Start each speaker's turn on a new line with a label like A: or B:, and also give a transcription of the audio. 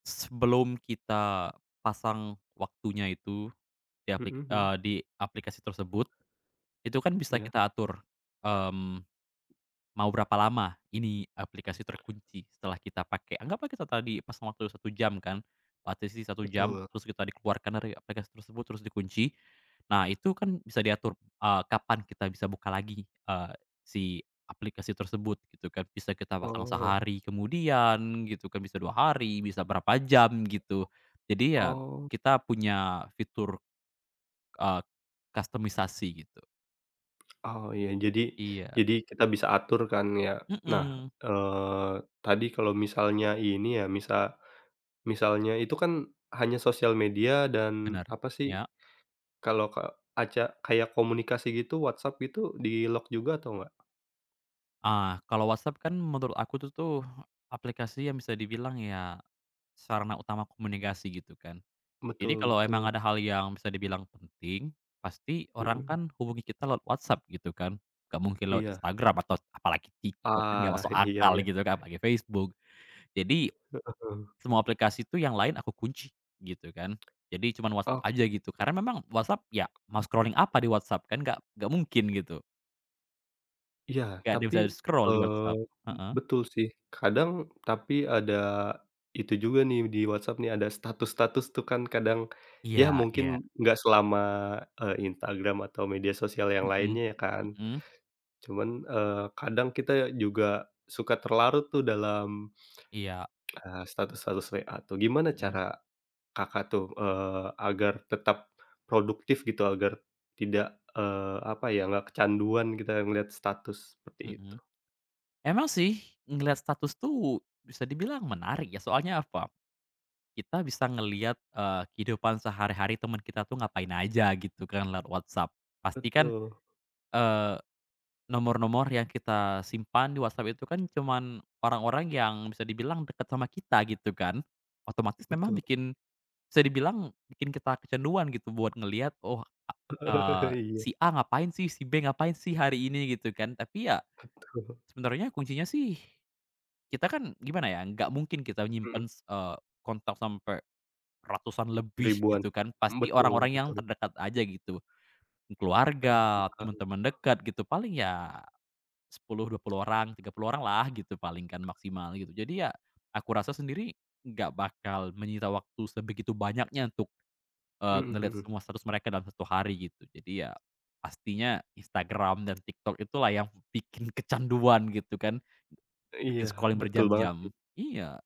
A: Sebelum kita pasang waktunya itu, di
B: Hmm,
A: apli
B: mhm.
A: eee, di aplikasi tersebut, itu kan bisa
B: Iya.
A: kita atur, mmm, mau berapa lama ini, aplikasi terkunci setelah kita pakai. Anggaplah kita tadi pasang waktu 1 jam kan, partisi 1 jam,
B: Betul.
A: terus kita dikeluarkan dari aplikasi tersebut, terus dikunci. Nah itu kan bisa diatur, eee, kapan kita bisa buka lagi, eee, si aplikasi tersebut, gitu kan. Bisa kita pasang
B: Oh.
A: sehari kemudian, gitu kan, bisa 2 hari, bisa berapa jam, gitu. Jadi ya
B: Oh.
A: kita punya fitur, eee, kustomisasi gitu.
B: Oh, iya. Jadi
A: Iya.
B: jadi kita bisa atur kan ya. Nah,
A: Mhm.
B: eee, tadi kalau misalnya ini ya, misa misalnya itu kan, hanya sosial media dan
A: Bener,
B: apa sih,
A: ya.
B: kalau ka aca kayak komunikasi gitu, WhatsApp itu, di-lock juga atau nggak?
A: Ah, kalau WhatsApp kan menurut aku itu tuh aplikasi yang bisa dibilang ya, sarana utama komunikasi, gitu kan. Jadi
B: Betul
A: kalau emang
B: betul.
A: ada hal yang bisa dibilang penting, pasti orang
B: Hmm.
A: kan hubungi kita lewat WhatsApp, gitu kan. Enggak mungkin lewat
B: Iya.
A: Instagram, atau apalagi Tiktok, enggak
B: Ah,
A: masuk
B: iya
A: akal,
B: iya.
A: gitu kan, pakai Facebook. Jadi,
B: Heeh.
A: semua aplikasi itu yang lain aku kunci, gitu kan. Jadi cuman WhatsApp
B: Oh.
A: aja gitu, karena memang WhatsApp ya mau scrolling apa di WhatsApp? Kan nggak nggak mungkin gitu.
B: Iya,
A: Nggak ada yang
B: tapi,
A: bisa scroll di
B: eee,
A: WhatsApp.
B: be
A: Heeh?
B: betul sih. Kadang, tapi ada itu juga nih di Whatsapp nih, ada status-status tuh kan kadang. Ya
A: Iya
B: mungkin
A: iya.
B: nggak selama, e Instagram atau media sosial yang
A: Mhm
B: lainnya ya kan.
A: mhm.
B: Cuman, eee, kadang kita juga suka terlarut tuh dalam,
A: Iya.
B: eee, status-status WA tuh. Gimana
A: Hmm.
B: cara Kakak tuh, eee, agar tetap produktif gitu? Agar tidak, eee, apa ya, nggak kecanduan kita melihat status, seperti itu?
A: Mhm. Emang sih, ngelihat status tuh, bisa dibilang menarik ya, soalnya apa, kita bisa ngelihat, eee, kehidupan sehari-hari teman kita tuh ngapain aja, gitu kan lewat WhatsApp. Pastikan,
B: Betul.
A: eee, nomor-nomor yang kita simpan di WhatsApp itu kan, cuman orang-orang yang bisa dibilang dekat sama kita, gitu kan. Otomatis memang
B: Betul.
A: bikin bisa dibilang bikin kita kecanduan gitu buat ngelihat, oh, eee,
B: Iya.
A: "si A ngapain sih? Si B ngapain sih hari ini?" gitu kan. Tapi ya,
B: Betul.
A: sebenarnya kuncinya sih, kita kan, gimana ya, nggak mungkin kita
B: Hmm.
A: nyimpen, eee, kontak sampai ratusan lebih,
B: Ribuan.
A: gitu kan.
B: M
A: Pasti
B: betul
A: orang-orang yang
B: betul.
A: terdekat aja, gitu.
B: Ah,
A: Keluarga,
B: enggak eng
A: temen-temen dekat gitu, paling ya 10, 20 orang, 30 orang lah gitu paling kan maksimal, gitu. Jadi ya, aku rasa sendiri, nggak bakal menyita waktu sebegitu banyaknya untuk, eee,
B: Mhm
A: ngelihat
B: mhm.
A: semua status mereka dalam 1 hari, gitu. Jadi ya pastinya Instagram dan TikTok itulah yang bikin kecanduan, gitu kan.
B: Iya,
A: Bikin scrolling
B: betul banget
A: berjam-jam.
B: sih.
A: Iya.